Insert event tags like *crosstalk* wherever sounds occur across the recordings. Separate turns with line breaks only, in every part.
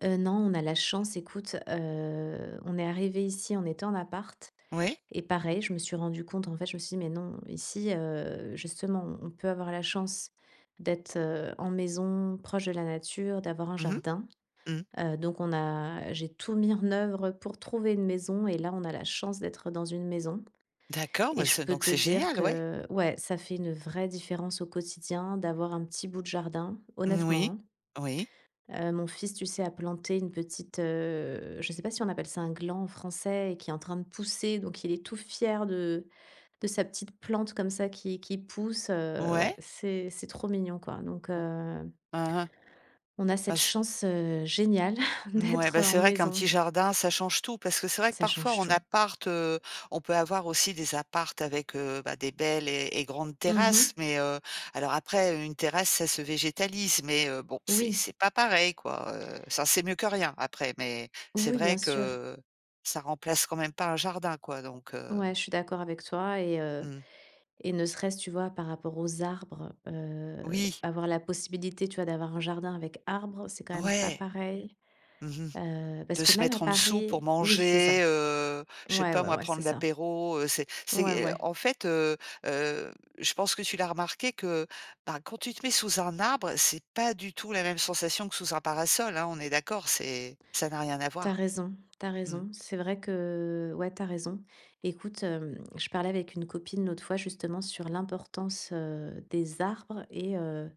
Heu, non, on a la chance écoute, heu, on est arrivés ici on était en appart
Ouais.
et pareil, je me suis rendue compte en fait je me suis dis: «Mais non, ici, heu, justement, on on peut avoir la chance d'être, heu, en maison proche de la nature, d'avoir un
Mmh mh.
jardin»,
Mmh.
heu, donc on a j'ai tout mis en œuvre pour trouver une maison et là, on a la chance d'être dans une maison
D'accord,
et
me
je
c'est
peux
donc
te
c'est
dire
génial, ouais.
que ouais, ça fait une vraie différence au quotidien d'avoir un petit bout de jardin.
Moui,
Honnêtement
oui.
hein, heu, mon fils, tu sais, a planté une petite, heu je sais pas si on appelle ça un gland en français et qui est en train de pousser. Donc il est tout fier de de sa petite plante comme ça qui qui pousse, heu, ouais,
Ouais.
c'est c'est trop mignon quoi, donc
Mmh.
heu
Mmh mh.
on a
Bah
cette
c'est
chance, heu, géniale *chuckles*
N ouais,
d'être
bah c'est
en
vrai qu'un
maison.
petit jardin, ça change tout parce que c'est vrai que
Ça
parfois,
change
en
tout.
appart, heu, on peut avoir aussi des apparts avec, heu, bah des belles et et grandes
Mmh mh.
terrasses, mais, heu alors après, une terrasse, ça se végétalise, mais heu, bon, c'est
Oui.
c'est pas pareil quoi, heu, ça c'est mieux que rien après, mais c'est
Oui, bien
vrai
sûr.
que ça remplace quand même pas un jardin quoi, donc
Ouais,
heu
je suis d'accord avec toi et heu
Mmh.
et ne serait-ce, tu vois, par rapport aux arbres, heu,
Oui.
avoir la possibilité, tu vois, d'avoir un jardin avec arbre, c'est quand même pas
Ouais.
pareil,
Mmh mh.
heu, parce
De
que
se
même
mettre
à
en dessous pour
Paris oui, c'est
manger,
ça.
heu, je sais
Ouais,
pas
ouais,
moi,
ouais, c'est
prendre
ça.
l'apéro, heu, c'est
Ouais,
c'est, heu,
ouais.
en fait, heu heu, je pense que tu l'as remarqué que, bah, quand tu te mets sous un arbre, c'est pas du tout la même sensation que sous un parasol hein. On est d'accord, c'est ça n'a rien à
Tu as
voir?
raison tu as
Mmh.
raison. C'est vrai que ouais, tu as raison. Écoute, hem, je parlais avec une copine l'autre fois justement sur l'importance, heu, des arbres et heu,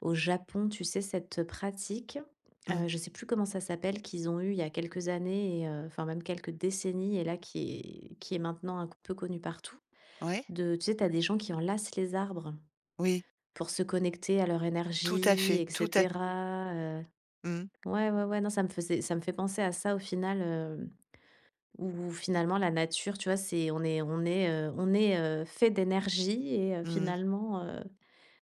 au Japon, tu sais, cette pratique,
Mmh.
heu, je sais plus comment ça s'appelle, qu'ils ont eue il y a quelques années et heu enfin même quelques décennies et là qui est qui est maintenant un peu connue partout
Oui.
de tu sais, tu as des gens qui enlacent les arbres,
Oui.
pour se connecter à leur
Tout à
énergie
fait,
et
tout à f
cetera, heu,
Mmh mh.
ouais, ouais, ouais, non, ça me faisait ça me fait penser à ça au final, heu, où finalement, la nature, tu vois, c'est on est on est, heu, on est, heu, fait d'énergie et heu,
Mmh mh.
finalement, heu,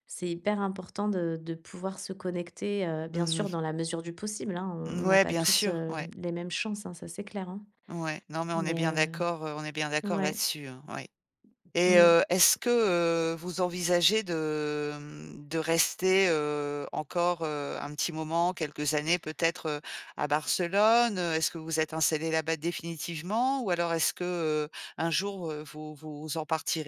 c'est hyper important de de pouvoir se connecter, heu, bien
Mmh
sûr,
mh.
dans la mesure du possible hein, on
Mmh
on n'a
ouais,
pas
bien
tous,
sûr,
heu,
ouais.
les mêmes chances hein, ça, c'est clair hein,
Ouais, non, mais on est
mais,
bien
heu,
d'accord, heu, on est bien d'accord
ouais
là-dessus hein, ouais et
Mmh.
heu, est-ce que, heu, vous envisagez de, hem, de rester, heu, encore, heu, un petit moment, quelques années peut-être, heu, à Barcelone? Est-ce que vous vous êtes installés là-bas définitivement ou alors est-ce que, heu, un jour, heu, vous vous en partirez?